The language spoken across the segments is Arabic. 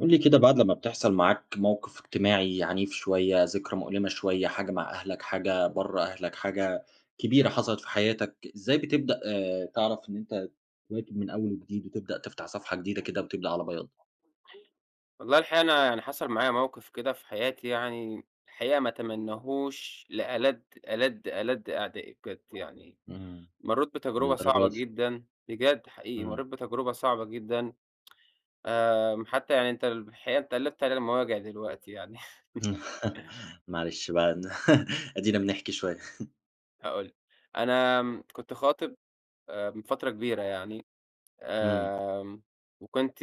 قل لي كده بعد لمّا بتحصل معاك موقف اجتماعي عنيف شويّة، ذكرى مؤلمة شويّة حاجة مع أهلك، حاجة برّه أهلك، حاجة كبيرة حصلت في حياتك إزاي بتبدأ آآ، تعرف إن أنت تواكب من أوّل وجديد، وتبدأ تفتح صفحة جديدة كده وتبدأ على بياض؟ والله الحقيقة أنا يعني حصل معايا موقف كده في حياتي يعني، الحقيقة ما اتمناهوش لألد، ألد، ألد أعدائي بجد يعني. امم، مرِّيت بتجربة للدرجة صعبة دي! جدًا، بجد حقيقي امم. مرِّيت بتجربة صعبة جدًا. آآ، حتّى يعني أنت الحقيقة قلبت علينا المواجع دلوقتي يعني. معلش بقى أدينا بنحكي شوية. هأقول لك. أنا كنت خاطب من فترة كبيرة يعني، امم. آمم، وكنت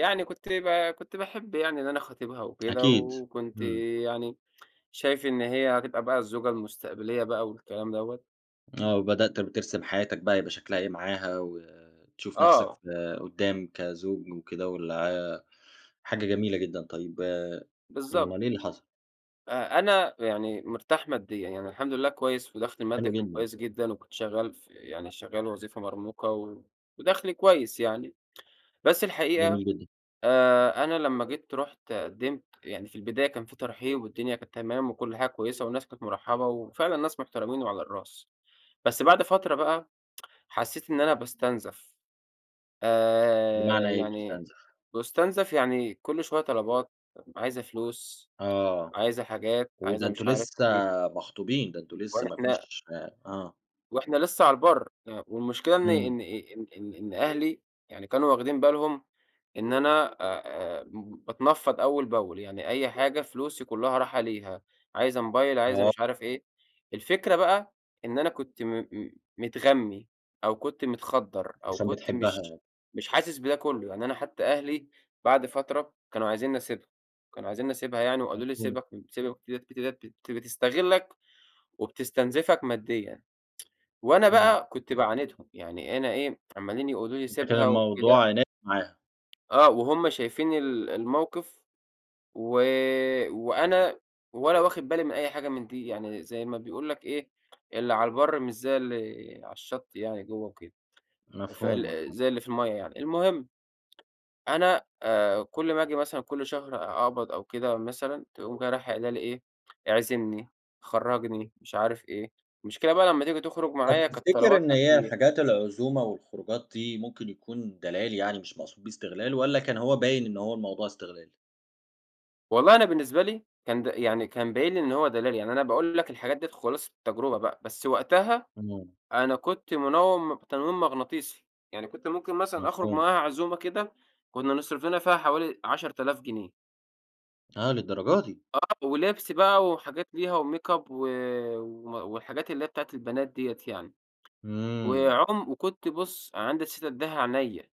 يعني كنت ب كنت باحب يعني اللي أنا خاطبها وكده، أكيد وكنت .امم. يعني شايفة إن هي هتبقى بقى الزوجة المستقبلية بقى والكلام دوّة. آه، وبدأت بترسم حياتك بقى هيبقى شكلها إيه معاها، وتشوف نفسك آه. في قدّام كزوج وكده والع حاجة جميلة جدًا، طيّب بالضبط. أُمال إيه اللي حصل؟ أ أنا يعني مرتاح ماديًا، يعني الحمد لله كويّس ودخلي المادي حلو كان جدًا. كويّس جدًا، وكنت شغّال يعني شغّال وظيفة مرموقة، ودخلي كويّس يعني، بس الحقيقة جميل جدًا. آآ، أنا لمّا جيت رحت قدمت يعني في البداية كان في ترحيب والدنيا كانت تمام وكل حاجة كويّسة والناس كانت مرحبة، وفعلًا ناس محترمين وعلى الراس، بس بعد فترة بقى حسّيت إن أنا باُستنزف. آآ، بمعنى إيه يعني بتُستنزف؟ باُستنزف يعني كل شويّة طلبات عايزة فلوس، آه. عايزة حاجات عايزة وده أنتم مش عارف لسه إيه. مخطوبين، ده أنتم لسه ما وإحنا فيش آه. وإحنا لسّه على البر، والمشكلة إن إمم. إن إن إن إن أهلي يعني كانوا واخدين بالهم إن أنا آآ، باتنفض أوّل بأول يعني أي حاجة فلوسي كلّها رايحه ليها، عايزة موبايل عايزة آه. مش عارف إيه. الفكرة بقى إن أنا كنت م م متغمي أو كنت متخدر أو عشان كنت مش بتحبها. مش حاسس بده كلّه. يعني أنا حتّى أهلي بعد فترة كانوا عايزيني اسيبها، كانوا عايزيني اسيبها يعني، وقالوا لي مضبوط. سيبك من سيبك من البنت ديَّة بتستغلك، وبتستنزفك ماديًا. وأنا إمم. بقى كنت بعاندهم، يعني أنا إيه عماليين يقولوا لي أنت كده سيبها وكده الموضوع عناد معاها. آه وهم شايفين ال الموقف و آآ، وأنا ولا واخد بالي من أي حاجة من دي، يعني زي ما بيقول لك إيه اللي على البر من زي اللي على الشط يعني جوّه وكده، مفهوم، فال مفهوم. زي اللي في الميَّة يعني، المهم أنا كل ما آجي مثلًا كل شهر أقبض أو كده مثلًا تقوم رايحه قايله لي إيه؟ "إعزمني، خرجني، مش عارف إيه" المشكلة بقى لمّا تييجي تخرج طب معايا كانت تفتكر إن طلباتها هي كتير. حاجات العزومة والخروجات دي ممكن يكون دلال يعني مش مقصود بيه إستغلال، والَّا كان هو باين إن هو الموضوع إستغلال؟ والله أنا بالنسبة لي كان د يعني كان باين لي إن هو دلال، يعني أنا باقول لك الحاجات ديّة خُلاصة التجربة بقى، بس وقتها امم. أنا كنت منوّم تنويم مغناطيسي، يعني كنت ممكن مثلًا أخرج مفهوم. معاها عزومة كده كنّا نصرف لنا فيها حوالي 10,000 جنيه. آه، للدرجة دي! آه، ولبس بقى وحاجات ليها، وميك أب و آآ، والحاجات اللي هي بتاعة البنات دِيّة يعني، آمم. وعم وكنت بُص عندي إستعداد أديها عينيّا،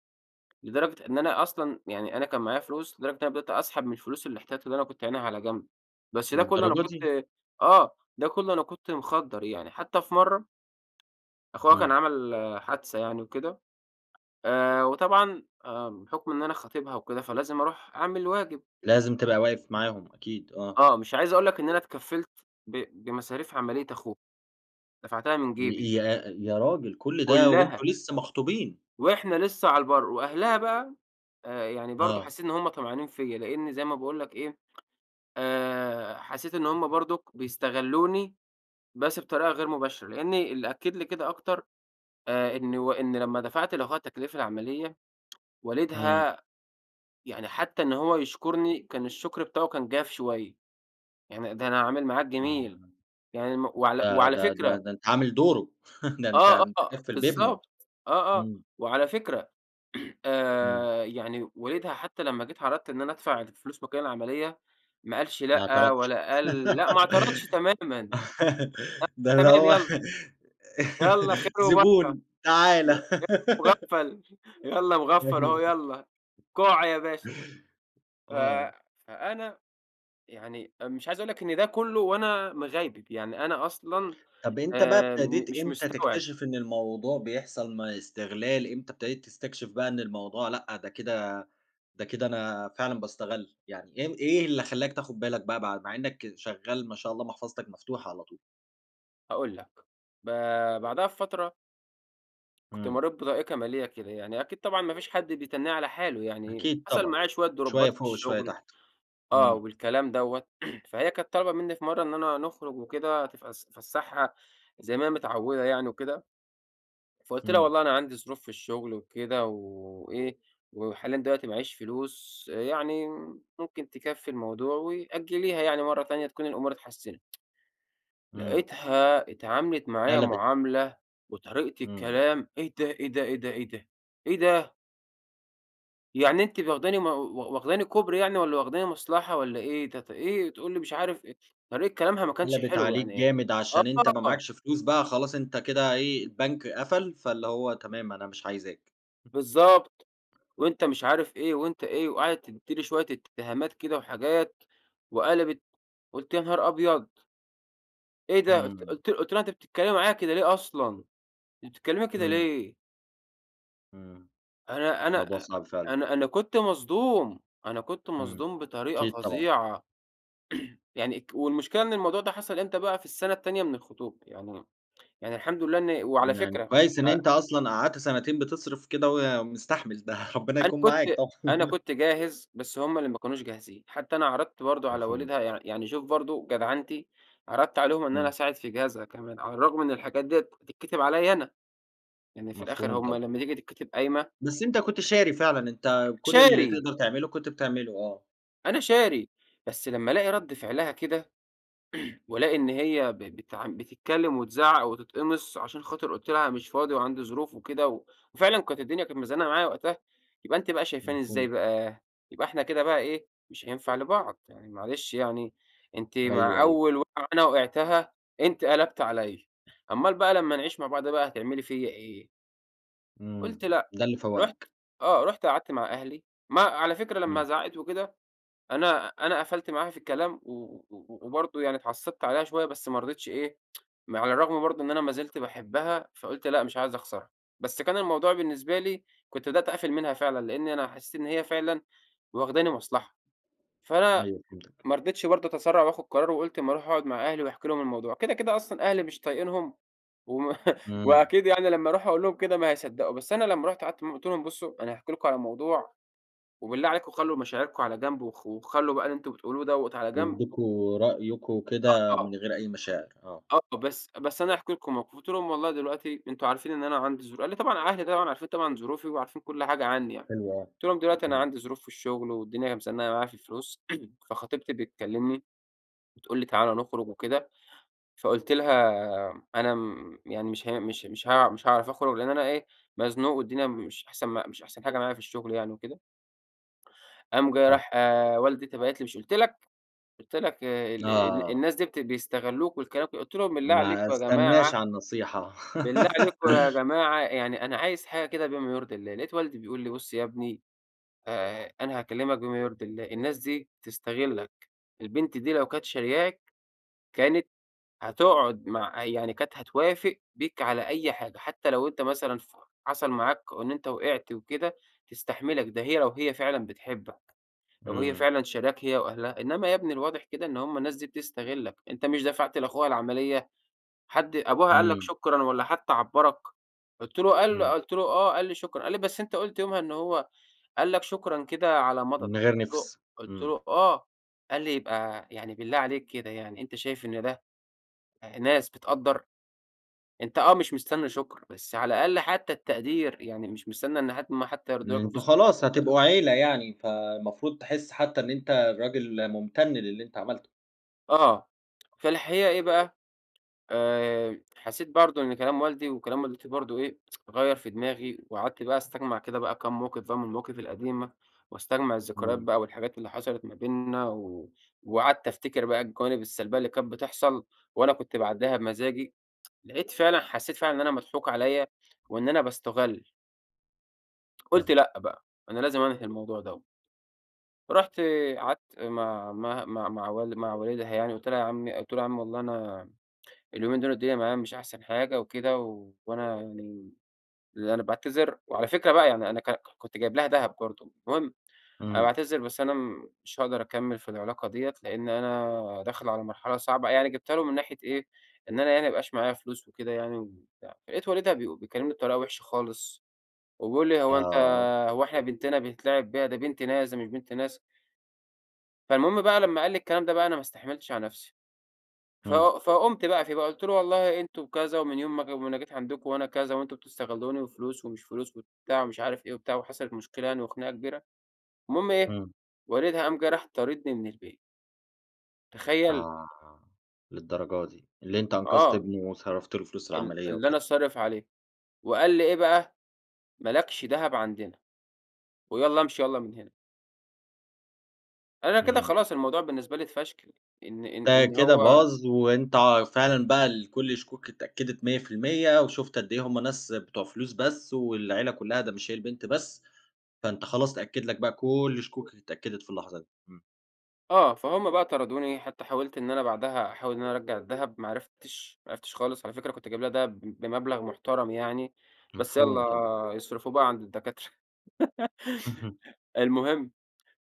لدرجة إن أنا أصلًا يعني أنا كان معايا فلوس لدرجة أنا بدأت أسحب من الفلوس الأحتياطي اللي أنا كنت عَاينها على جنب، بس ده كلّه أنا للدرجة دي! كنت آه، ده كلّه أنا كنت مخدّر يعني حتّى في مرّة أخوها كان امم. عمل حادثة يعني وكده آآ، وطبعًا باحكم إن أنا خاطبها وكده فلازم أروح أعمل واجب. لازم تبقى واقف [unintelligible] معاهم. أكيد، آه. آه، مش عايز أقول لك إن أنا اتكفلت ب بمصاريف عمليّة أخوها دفعتها من جيبي. ي يا راجل كل ده وأنتم كُلّها. لسه مخطوبين؟ وإحنا لسّه على البّر، وأهلها بقى يعني برضو آه. حسّيت إن هم طمعانين فيَّ، لأني زي ما باقول لك إيه، آآ، حسّيت إن هم برضو بيستغلوني بس بطريقة غير مباشرة، لأني اللي أكد لي كده أكتر آآ، إن إنِ لمّا دفعت لأخوها تكاليف العمليّة امم. والدها يعني حتّى إن هو يشكرني كان الشكر بتاعه كان جاف شويّة، يعني ده أنا أعمل معاك آمم. جميل، آمم. يعني المف وعلى ده وعلى ده ده فكرة ده أنتَ عامل دُوره، ده أنتَ آه، آه، مُتكفّل بابنه؟ بالضبط. آه، آه. امم. وعلى فكرة امم. آآ، يعني والدها حتّى لمّا جيت عرضت إن أنا أدفع فلوس مكان العمليّة، ما قالش ما لأ، اعترضتش؟ والّا قال لأ ما اعترضتش تمامًا. ده اللي تمام هو يلّا يلّا خير وبركة، زبون. تعالَ. [unintelligible] مُغفل يالّا [unintelligible] مُغفل هو يالّا كُع يا باشا. ف آه. فأنا يعني مش عايز أقول لك إن ده كلّه وأنا مِغيبب، يعني أنا أصلًا طب أنتَ بقى آآ، ابتديت مش إمتى مستوعب. تكتشف إن الموضوع بيحصل ما استغلال؟ إمتى ابتديت تستكشف بقى إن الموضوع لأ ده كده ده كده أنا فعلًا باسّتغل؟ يعني إيه إيه اللي خلّاك تاخذ بالك بقى مع إنّك شغّال ما شاء الله محفظتك مفتوحة على طول؟ هاقول لك، ب بعدها بفترة. كنت إمم. مريت بضائقة مالية كده، يعني أكيد طبعًا ما فيش حد بيتنّيه على حاله يعني، أكيد حصل طبعًا. معايا شويّة شوية دروبات في فوق وشوية الشغل، تحت. آه، إمم. والكلام دوّة، فهي كانت طالبة مِنّي في مرّة إننا نخرج وكده تفس افسحها زي ماهي متعودة يعني وكده، فقلت لها إمم. والله أنا عندي ظروف في الشغل وكده و وإيه وحاليًا دلوقتي ما معييش فلوس يعني ممكن تكفي الموضوع و أجليها يعني مرّة تانية تكون الأمور اتحسنت. إمم. لقيتها اتعاملت معايا قلبت. معاملة وطريقة إمم. الكلام إيه ده، إيه ده، إيه ده، إيه ده، إيه ده؟! يعني أنتِ واخداني مو و واخدني كوبري يعني والَّا واخدني مصلحة والَّا إيه؟ تت إيه، تقول لي مش عارف إيه، طريقة كلامها ما كانش قلبت حلوة عليك يعني. جامد، عشان أنت ما آه. معاكش فلوس بقى خلاص أنت كده إيه، البنك قفل، فاللي هو تمام أنا مش عايزاك. بالضبط، وأنت مش عارف إيه وأنت إيه وقعدت تدّيني شويّة اتهامات كده وحاجات، وقلبت، قلت: "يانهار أبيض!" إيه ده؟! قلت إمم. قلت قلت لها: "أنتِ بتتكلّمي معايا كده ليه أصلًا! أنتِ بتتكلّمي كده إمم. ليه؟" إمم. أنا أنا الموضوع أ أ صعب فعلًا. أنا أنا كنت مصدوم، أنا كنت إمم، مصدوم بطريقة أكيد طبعًا. فظيعة. يعني ك والمشكلة إن الموضوع ده حصل إمتى بقى؟ في السنة التانية من الخطوبة، يعني يعني الحمد لله إنّي وعلى يعني فكرة كويّس إن ع أنت أصلًا قعدت سنتين بتصرّف كده، وي مستحمل ده ربنا أنا يكون كنت معاك، طبعًا. أنا كنت جاهز بس همّ اللي ما كانوش جاهزين. حتّى أنا عرضت برضو على مفهوم. والدها يع يعني شوف برضو جدعنتي، عرضت عليهم إن أنا إمم. أساعد في جهازها كمان، على الرغم من الحاجات ديّة بتتكتب عليَّ أنا. يعني في الآخر مفهوم همّ طبعًا. لمّا تييجي تكتب قايمة بس أنت كنت شاري فعلًا، أنت كل اللي شاري. تقدر تعمله كنت بتعمله. آه. أنا شاري. بس لمّا ألاقي رد فعلها كده، وألاقي إن هي ب بتع بتتكلّم وتزعق وتتقمص، عشان خاطر قلت لها مش فاضي وعندي ظروف وكده، و وفعلًا كانت الدنيا كانت مزنقة معايا وقتها. يبقى أنتِ بقى شايفاني إزاي مفهوم. بقى؟ يبقى إحنا كده بقى إيه، مش هينفع لبعض. يعني معلش يعني أنتِ أيوه، مع أيوه. أوّل وقعة أنا وقعتها أنتِ قلبتِ عليَّ، أمال بقى لمّا نعيش مع بعض بقى هتعملي فيَّ إيه؟ إمم، قلت لأ، ده اللي رحت فوّقك. آه، رحت قعدت مع أهلي. ما على فكرة لمّا إمم. زعقت وكده، أنا أنا قفلت معاها في الكلام و و و وبرضو يعني اتعصبت عليها شويّة بس ما رضيتش إيه؟ ما على الرغم برضو إن أنا ما زلت باحبّها فقلت لا مش عايز أخسرها. بس كان الموضوع بالنسبة لي كنت بدأت أقفل منها فعلًا، لأني أنا حسّيت إن هي فعلًا واخداني مصلحة. فأنا أيوه، فهمتك. ما رضيتش برضو أتسرع وآخد قرار وقلت ما أروح أقعد مع أهلي وأحكِ لهم الموضوع. كده، كده أصلًا أهلي مش طايقنهم وما إمم. وأكيد يعني لمّا أروح أقول لهم كده ما هيصدقوا. بس أنا لمّا رحت قعدت معاهم قلت لهم: "بصوا أنا هاحكي لكم على موضوع وبالله عليكم خلوا مشاعركم على جنب وخ وخلوا بقى اللي أنتم بتقولوه دوّة على جنب." يديكوا رأيكم آه، كده آه. من غير أي مشاعر. آه. آه، "بس، بس أنا هاحكي لكم موقف." قلت لهم: "والله دلوقتي أنتم عارفين إن أنا عندي ظروف" قال طبعًا أهلي طبعًا عارفين طبعًا ظروفي وعارفين كل حاجة عنّي يعني. حلو. آه، قلت لهم: "دلوقتي أنا تمام. عندي ظروف في الشغل، والدنيا أهي مزنقة معايا في الفلوس، فخطيبتي بتكلمني بتقول لي 'تعال نخرج وكده.' فقلت لها 'أنا آمم، يعني مش هين مش مش ه مش هاعرف أخرج لأن أنا إيه مزنوق والدنيا مش أحسن مش أحسن حاجة معايا في الشغل يعني وكده.'" قام جا فه راح ولدي أنت باعت لي: "مش قلت لك؟ قلت لك، ال ال آه. الناس دي بت بيستغلوك والكلام" قلت لهم: "بالله ما عليكم يا جماعة، أستناش على النصيحة. بالله عليكم يا جماعة يعني أنا عايز حاجة كده بما يرضي الله". لقيت والدي بيقول لي: "بُصّ يا ابني آآ، أنا هاكلّمك بما يرضي الله، الناس دي بتستغلك، البنت دي لو كانت شاريَّاك، كانت هتقعد مع يعني كانت هتوافق بيك على أي حاجة، حتّى لو أنت مثلًا ف حصل معاك إن إن أنت وقعت وكده تستحملك، ده هي لو هي فعلًا بتحبك. لو هي إمم. فعلًا شاريَّاك هي وأهلها، إنّما يا ابني الواضح كده إن همّ الناس دي بتستغلك، أنت مش دفعت لأخوها العمليّة حد أبوها قال لك إمم. شكرًا والّا حتّى عبرك؟" قلت له قال له إمم. قلت له: "آه، قال لي شكرًا" قال لي: "بس أنت قلت يومها إن هو قال لك شكرًا كده على مضض." من غير قلت له نفس. قلت إمم. له: "آه." قال لي: "يبقى يعني بالله عليك كده يعني، أنت شايف إن ده آآ، ناس بتقدر؟ أنت آه، مش مستنى شكر، بس على الأقل حتّى التقدير، يعني مش مستنى إن حد أمّا حتّى يردوا لك أنتم الفلوس" خلاص [unintelligible] هتبقوا عيلة يعني، فالمفروض تحس حتّى إن أنت الراجل ممتن للي أنت عملته. آه، في الحقيقة إيه بقى آآ، حسّيت برضو إن كلام والدي وكلام والدتي برضو إيه غيّر في دماغي، وقعدت بقى أستجمع كده بقى كام موقف بقى من المواقف القديمة، واستجمع الذكريات إمم. بقى والحاجات اللي حصلت ما بيننا، و وقعدت أفتكر بقى الجوانب السلبيّة اللي كانت بتحصل وأنا كنت باعدّيها بمزاجي، لقيت فعلًا حسّيت فعلًا إن أنا مضحوك عليَّ وإن أنا باستُغل. قلت فاهماك. لأ بقى، أنا لازم أنهي الموضوع دوَّة. رُحت قعدت مع عمها مع مع وال مع والدها يعني قلت لها يا عمي قلت له: "عمي والله أنا اليومين دول الدنيا معايا مش أحسن حاجة وكده، وأنا يعني، اللي أنا باعتذر." وعلى فكرة بقى يعني أنا ك ك كنت جايب لها دهب برضو، المهم "أنا إمم. باعتذر بس أنا مش هاقدر أكمل في العلاقة ديَّة، لأن أنا داخل على مرحلة صعبة." يعني جبتها له من ناحية إيه، إن أنا يعني ما بقاش معايا فلوس وكده يعني وبتاع، لقيت والدها بي بيكلّمني بطريقة وحشة خالص، وبيقول لي: "هو أنت آه. هو إحنا بنتنا بيتلعب بيها، دي بنت ناس ده مش بنت ناس." فالمهم بقى لمّا قال لي الكلام ده بقى أنا ما استحملتش على نفسي، ف إمم. فقمت بقى فيه بقى قلت له: "والله أنتم كذا، ومن يوم ما جي ما أنا جيت عندكم وأنا كذا، وأنتم بتستغلوني وفلوس ومش فلوس وبتاع ومش عارف إيه وبتاع" وحصلت مشكلة يعني وخناقة كبيرة، المهم إيه، إمم. والدها قام جه راح طاردني من البيت. تخيل! آه، للدرجة دي. اللي أنتَ أنقذت آه. ابنه، وصرفت له فلوس ال العمليّة اللي أنا وكده. صارف عليه، وقال لي إيه بقى: "ما لكش دهب عندنا، ويالّا امشي ياّلا من هنا." أنا كده إمم. خلاص الموضوع بالنسبة لي اتفشكل، إن إن ده إن كده هو باظ، وأنتَ ع فعلًا بقى الكل الشكوك اتأكدت 100% وشُفت قد إيه هم ناس بتوع فلوس بس، والعيلة كلّها ده مش هي البنت بس، فأنت خلاص اتأكد لك بقى كل شكوكك اتأكدت في اللحظة دي، إمم. آه، فهمَ بقى طردوني، حتّى حاولت إن أنا بعدها أحاول إن أنا أرجع الدهب ما عرفتش، ما عرفتش خالص على فكرة كنت جايب لها دهب بمبلغ محترم يعني، بس مفهوم طبعًا. يالّا يصرفوه بقى عند الدكاترة. اهم. المهم،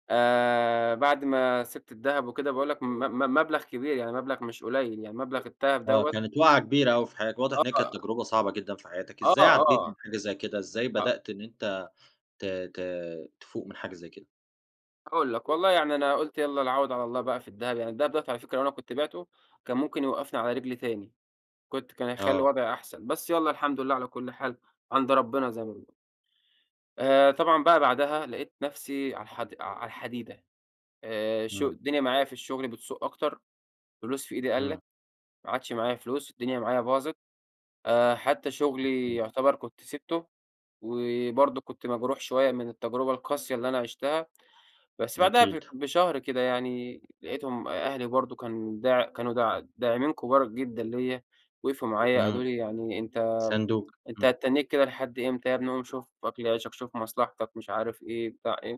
آآ، بعد ما سبت الدهب وكده باقول لك م م مبلغ كبير يعني مبلغ مش قليل يعني مبلغ الدهب آه، دوّة كانت وقعة كبيرة أوي في حياتك واضح إنّها كانت آه. تجربة صعبة جدًا في حياتك، آه، إزاي عديت آه، من حاجة زي كده؟ إزاي آه. بدأت إن أنتَ ت ت تفوق من حاجة زي كده؟ هاقول لك، والله يعني أنا قلت يالّا العوض على الله بقى في الدهب، يعني الدهب دوّة على فكرة لو أنا كنت بعته كان ممكن يوقفني على رجلي تاني، كنت كان هيخلي آه. وضعي أحسن، بس يالّا الحمد لله على كل حال عند ربنا زي ما بنقول. آآ، طبعًا بقى بعدها لقيت نفسي على الحد على الحديدة آآ، الش إمم. الدنيا معايا في الشغل بتسوء أكتر، فلوس في إيدي إمم. قلّت، ما عادش معايا فلوس، الدنيا معايا باظت، آآ حتّى شغلي [unintelligible] يعتبر كنت سبته، وبرضو كنت مجروح شويّة من التجربة القاسية اللي أنا عشتها، بس بعدها أكيد. بشهر كده يعني لقيتهم أهلي برضو كان داع كانوا د داعمين كبار جدًا ليّ، وقفوا معايا قالوا إمم، لي: "يعني أنتَ ساندوك. أنتَ إمم. هتتنّيك كده لحد إمتى؟ يا ابني قوم شوف أكل عيشك شوف مصلحتك،" مش عارف إيه بتاع إيه،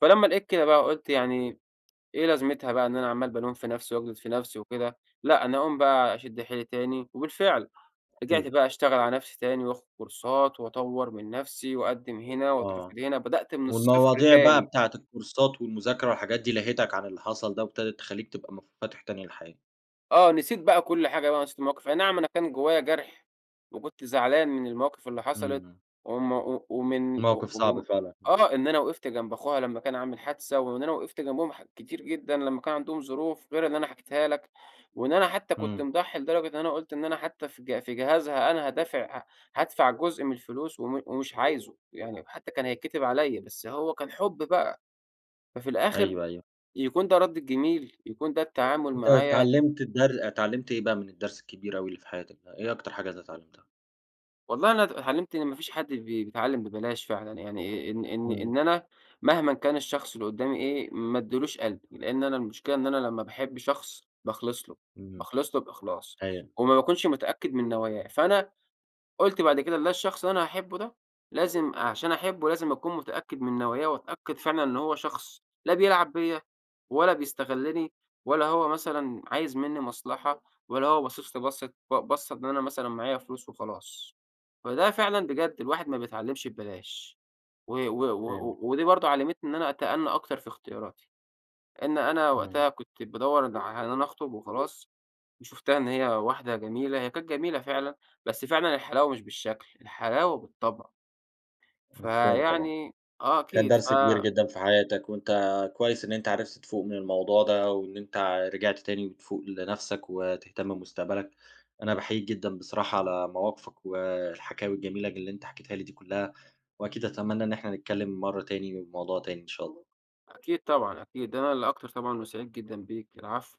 فلمّا لقيت كده بقى قلت يعني إيه لازمتها بقى إن أنا عمّال بالوم في نفسي وأجلد في نفسي وكده، لأ أنا أقوم بقى أشد حيلي تاني وبالفعل رجعت إمم. بقى أشتغل على نفسي تاني، وآخد كورسات وأطوّر من نفسي وأقدم هنا آه، وأترفض هنا، بدأت من الصفر والمواضيع بقى تاني. بتاعة الكورسات والمذاكرة والحاجات دي لهِتك عن اللي حصل ده، وابتدت تخليك تبقى منفتح تاني للحياة. آه، نسيت بقى كل حاجة بقى، ونسيت المواقف أي نعم أنا كان جوّايا جرح، وكنت زعلان من المواقف اللي إمم. حصلِت، إمم. وم و ومن موقف صعب ومن فعلًا. آه إن أنا وقفت جنب أخوها لمّا كان عامل حادثة، وإن أنا وقفت جنبهم ح كتير جدًا لمّا كان عندهم ظروف، غير اللي أنا حكيتها لك، وإن أنا حتّى كنت إمم. مضحي لدرجة أنا قلت إن أنا حتّى في ج في جهازها أنا هادافع ه هادفع جزء من الفلوس وم ومش عايزه، يعني حتّى كان هيتكتب عليَّ، بس هو كان حب بقى. ففي الآخر أيوه، أيوه. يكون ده رد الجميل؟ يكون ده التعامل أنت معايا؟ إتعلمت الدر إتعلمت إيه بقى من الدرس الكبير أوي اللي في حياتك ده، إيه أكتر حاجة أنت إتعلمتها؟ والله أنا إتعلمت إن ما فيش حد بي بيتعلم ببلاش فعلًا، يعني إن إن إمم. إن أنا مهمًا كان الشخص اللي قدّامي إيه، ما أديلوش قلبي، لأن أنا المشكلة إن أنا لمّا باحب شخص باخلص له، إمم. باخلص له بإخلاص، أيوه. وما باكونش متأكّد من نواياه، فأنا قُلت بعد كده إن أنا الشخص اللي أنا هاحبه ده، لازم عشان أحبه لازم أكون متأكّد من نواياه وأتأكد فعلًا إن هو شخص لا بيلعب بيّا ولا بيستغلني، ولا هو مثلًا عايز مِنّي مصلحة، ولا هو باصص لي بصّة ب بصّة إن أنا مثلًا معايا فلوس وخلاص. فده فعلًا بجد الواحد ما بيتعلمش ببلاش. و و فهمت و ودي برضو علمتني إن أنا أتأنى أكتر في اختياراتي. لأن أنا إمم. وقتها كنت بادوّر ن على إن أنا أخطب وخلاص وشفتها إن هي واحدة جميلة، هي كانت جميلة فعلًا بس فعلًا الحلاوة مش بالشكل، الحلاوة بالطبع. مفهوم طبعًا. فيعني آه، كان أكيد ف درس كبير جدًا في حياتك، وأنت كويّس إن أنت عرفت تفوق من الموضوع ده، وإن أنت رجعت تاني بتفوق لنفسك وتهتم بمستقبلك. أنا باحييك جدًا بصراحة على مواقفك والحكاوي الجميلة ج اللي أنت حكيتها لي دي كلّها، وأكيد أتمنى إن إحنا نتكلّم مرّة تاني بموضوع تاني إن شاء الله. أكيد طبعًا أكيد، أنا اللي أكتر طبعًا وسعيد جدًا بيك. العفو.